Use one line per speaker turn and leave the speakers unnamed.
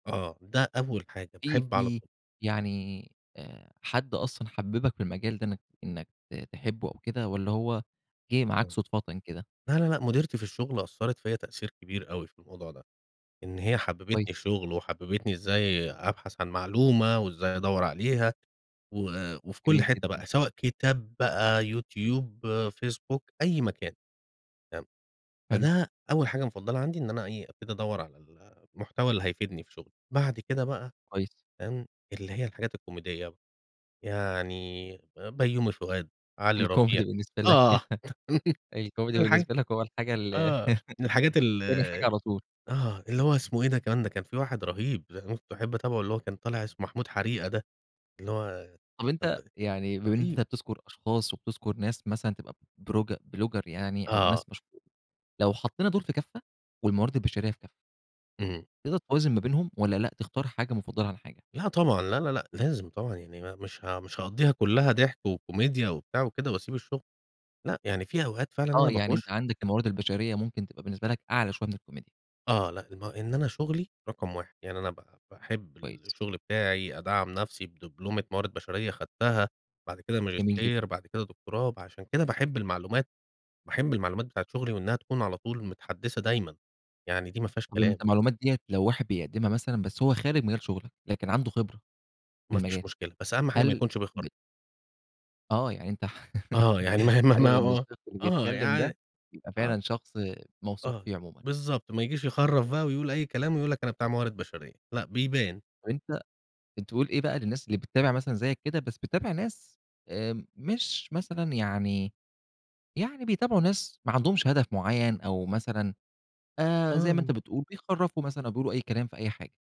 آه، ده أول حاجة،
إيه،
باحب على
في
ط
يعني آآ، حد أصلًا حبِّبك في المجال ده إنك إنك ت تحبه أو كده والّا هو جه معاك
آه.
صدفةً كده؟
لا لا لأ، مُديرتي في الشغل أثّرت فيّا تأثير كبير أوي في الموضوع ده، إن هي حبّبتني
كويس.
الشُغل، وحبّبتني إزاي أبحث عن معلومة، وإزاي أدوّر عليها و وفي كل
جميل
حتة
جدًا.
بقى، سواء كتاب بقى، يوتيوب، فيسبوك، أي مكان، تمام.
حلو.
فده أول حاجة مُفضّلة عندي إن أنا إيه، أبتدي ادوّر على ال المحتوى اللي هيفيدني في شُغلي. بعد كده بقى
كويس.
تمام، اللي هي الحاجات الكوميدية، يعني بيّومي فؤاد، علي ربيع،
الكوميدي بالنسبة لك،
آه،
الكوميدي
[unintelligible]
بالنسبة لك، هو الحاجة ال
آه، من الحاجات ال
تاني حاجة على طول.
آه، اللي هو اسمه إيه، ده كمان ده كان في واحد رَهيب [unintelligible] باحب اتابعه اللي هو كان طالع اسمه محمود حريقة ده، اللي هو
طب،
كان ب
أنت يعني بما إن أنت
رهيب.
بتذكُر أشخاص وبتذكُر ناس مثلًا تبقى بورج بلوجر يعني أو
آه.
ناس مشهو لو حطّينا دول في كفّة والموارد البشرية في كفّة
إمم.
تقدر توازن ما بينهم والّا لأ، تختار حاجة مُفضّلة عن حاجة؟
لأ، طبعًا. لا لا لأ، لازم طبعًا، يعني ما مش ه مش هاقضّيها كلها ضِحك وكوميديا وبتاع وكده واسيب الشغل. لأ، يعني في أوقات فعلًا
آه،
أنا
يعني أنت
باخُش
عندك الموارد البشرية ممكن تبقى بالنسبة لك أعلى شوية من الكوميديا.
آه، لأ، ما إن أنا شُغلي رقم 1، يعني أنا ب باحب
كويس.
الشغل بتاعي، أدعّم نفسي بدبلومة موارد بشرية اخدتها، بعد كده
جميل جدًا.
ماجستير، بعد كده دكتوراه. فعشان كده باحب المعلومات، باحب المعلومات بتاعة شُغلي وإنها تكون على طول متحدّثة دايمًا، يعني دي ما فيهاش
طب، أنت
كلام.
المعلومات ديّة لو واحد بيقدّمها مثلًا بس هو خارج من غير شُغلة، لكن عنده خبرة في
ما فيش
المجال،
مشكلة، بس أهم حاجة ما
هل
يكونش بيخَر
بت آه، يعني أنت ح
آه، يعني ما هي ما ه
حابب
ما ه
إن
آه،
الشخص اللي
آه.
بيتكلم ده،
يعني
يبقى
آه.
فعلًا شخص موثوق
آه،
فيه عمومًا.
بالضبط. ما ييجيش يخرّف بقى ويقول أي كلام ويقول لك أنا بتاع موارد بشرية لأ، بيبان.
طب، أنت أنت بتقول إيه بقى للناس اللي بتتابع مثلًا زيك كده، بس بتتابع ناس آمم، مش مثلًا يعني يعني بيتابعوا ناس ما عندهمش هدف معين أو مثلًا آآ، زي ما أنت
آه.
بتقول، بيخرّفوا مثلًا أو بيقولوا أي كلام في أي حاجة.